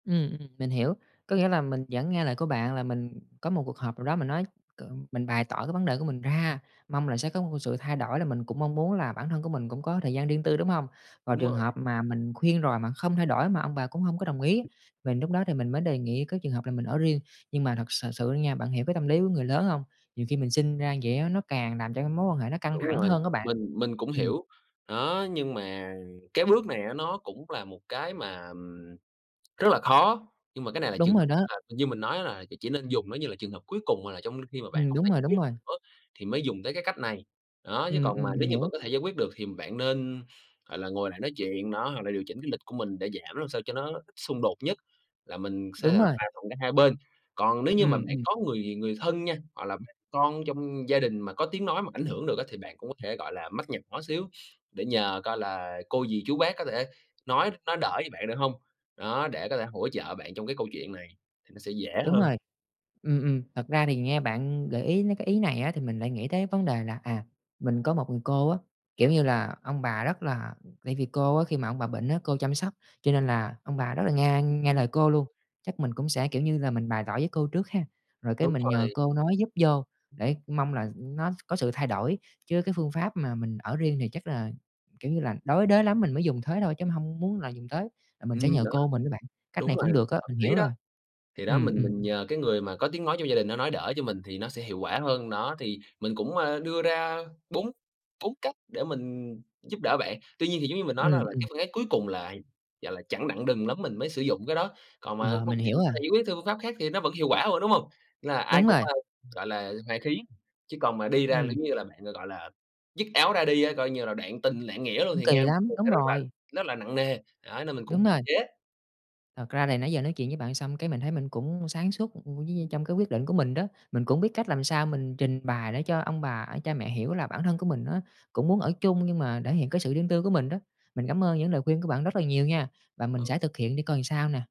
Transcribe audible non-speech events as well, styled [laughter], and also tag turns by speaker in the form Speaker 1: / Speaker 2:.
Speaker 1: Ừm, ừm, mình hiểu. Có nghĩa là mình vẫn nghe lời của bạn là mình có một cuộc họp nào đó mình nói cụm mình bày tỏ cái vấn đề của mình ra. Mong là sẽ có một cái sự thay đổi là mình cũng mong muốn là bản thân của mình cũng có thời gian riêng tư, đúng hông? Và
Speaker 2: Đúng
Speaker 1: trường
Speaker 2: rồi.
Speaker 1: hợp mà mình khuyên rồi mà không thay đổi, mà ông bà cũng hổng có đồng ý, mình lúc đó thì mình mới đề nghị cái trường hợp là mình ở riêng. Nhưng mà thật sờ sự nha, bạn hiểu cái tâm lý của người lớn hông? Nhiều khi mình sinh ra vậy á, nó càng làm cho cái mối quan hệ nó căng
Speaker 2: Đúng
Speaker 1: thẳng
Speaker 2: rồi.
Speaker 1: hơn á bạn.
Speaker 2: Mình mình cũng
Speaker 1: Ừm.
Speaker 2: hiểu, đó, nhưng mà cái bước này á, nó cũng là một cái mà, ừm, rất là khó. Nhưng mà cái này là trường
Speaker 1: Đúng rồi
Speaker 2: hợp
Speaker 1: đó.
Speaker 2: là thì như mình nói á, là ch chỉ nên dùng nó như là trường hợp cuối cùng hoặc là trong khi mà bạn
Speaker 1: Ừm,
Speaker 2: hông
Speaker 1: đúng
Speaker 2: thể giải
Speaker 1: rồi,
Speaker 2: quyết
Speaker 1: đúng
Speaker 2: được
Speaker 1: rồi.
Speaker 2: nữa thì mới dùng tới cái cách này. Đó, chứ
Speaker 1: Ừm,
Speaker 2: còn
Speaker 1: ừm,
Speaker 2: mà
Speaker 1: mình
Speaker 2: nếu như vẫn
Speaker 1: hiểu.
Speaker 2: có thể giải quyết được thì bạn nên, gọi là, ngồi lại nói chuyện, đó, hoặc là điều chỉnh cái lịch của mình để giảm làm sao cho nó ít xung đột nhất, là mình sẽ
Speaker 1: Đúng
Speaker 2: là
Speaker 1: rồi.
Speaker 2: hòa thuận cả hai bên. Còn nếu như mà
Speaker 1: Ừm,
Speaker 2: bạn
Speaker 1: ừm.
Speaker 2: có người người thân nha, hoặc là bà con trong gia đình mà có tiếng nói mà ảnh hưởng được á, thì bạn cũng có thể, gọi là, mách nhỏ xíu, để nhờ coi là cô, dì, chú, bác có thể nói nói đỡ cho bạn được hông, đó, để có thể hỗ trợ bạn trong cái câu chuyện này thì nó sẽ dễ
Speaker 1: Đúng
Speaker 2: hơn.
Speaker 1: rồi, ừm, ừm. Thật ra thì nghe bạn gợi ý mấy cái ý này á, thì mình lại nghĩ tới vấn đề là, à, mình có một người cô á, kiểu như là, ông bà rất là tại vì cô á, khi mà ông bà bệnh á, cô chăm sóc, cho nên là ông bà rất là nghe
Speaker 2: Ừ
Speaker 1: nghe
Speaker 2: hưm.
Speaker 1: lời cô luôn. Chắc mình cũng sẽ, kiểu như, là mình bày tỏ với cô trước ha, rồi cái
Speaker 2: Đúng
Speaker 1: mình nhờ
Speaker 2: rồi.
Speaker 1: cô nói giúp vô để mong là, ừm, nó có sự thay đổi. Chứ cái phương pháp mà mình ở riêng thì chắc là, kiểu như là, đối đới lắm mình mới dùng thế thôi, chứ mình hông muốn là dùng tới, là mình sẽ
Speaker 2: Ừm,
Speaker 1: nhờ
Speaker 2: đó,
Speaker 1: cô mình với bạn. Cách
Speaker 2: đúng
Speaker 1: này
Speaker 2: rồi,
Speaker 1: cũng được á,
Speaker 2: hợp
Speaker 1: mình
Speaker 2: lý
Speaker 1: hiểu
Speaker 2: đó.
Speaker 1: rồi.
Speaker 2: Thì đó,
Speaker 1: Ừm,
Speaker 2: mình
Speaker 1: ừm.
Speaker 2: mình nhờ cái người mà có tiếng nói trong gia đình nó nói đỡ cho mình thì nó sẽ hiệu quả hơn. Đó, thì mình, ơ, cũng đưa ra bốn bốn cách để mình giúp đỡ bạn. Tuy nhiên thì giống như mình nói, đó
Speaker 1: Ừm,
Speaker 2: là cái
Speaker 1: ừm.
Speaker 2: phương án cuối cùng lại, gọi là, chẳng đặng đừng lắm mình mới sử dụng cái đó, còn mà
Speaker 1: Ờ,
Speaker 2: không
Speaker 1: mình
Speaker 2: thì
Speaker 1: hiểu
Speaker 2: mình có thể
Speaker 1: rồi.
Speaker 2: giải quyết theo phương pháp khác thì nó vẫn hiệu quả thôi, đúng hông? Là ai
Speaker 1: Đúng
Speaker 2: cũng,
Speaker 1: rồi.
Speaker 2: ơ, gọi là, hoà khí. Chứ còn mà đi ra là
Speaker 1: Ừm.
Speaker 2: giống như là bạn, gọi là, dứt áo ra đi á, coi như là đoạn tình, đoạn nghĩa luôn
Speaker 1: Cũng
Speaker 2: thì
Speaker 1: kỳ
Speaker 2: nghe
Speaker 1: lắm,
Speaker 2: [unintelligible]
Speaker 1: đúng
Speaker 2: sẽ rất là
Speaker 1: rồi.
Speaker 2: nó là nặng nề, đó, nên mình cũng
Speaker 1: Đúng
Speaker 2: hạn
Speaker 1: rồi.
Speaker 2: chế.
Speaker 1: Thật ra thì nãy giờ nói chuyện với bạn xong cái mình thấy mình cũng sáng suốt, ừm, với vơi
Speaker 2: Ừm hứm.
Speaker 1: trong cái quyết định của mình đó. Mình cũng biết cách làm sao mình trình bày để cho ông bà, cha mẹ hiểu là bản thân của mình á, cũng muốn ở chung nhưng mà thể hiện cái sự riêng tư của mình đó. Mình cảm ơn những lời khuyên của bạn rất là nhiều nha, và mình
Speaker 2: Ừ.
Speaker 1: sẽ thực hiện để coi làm sao nè.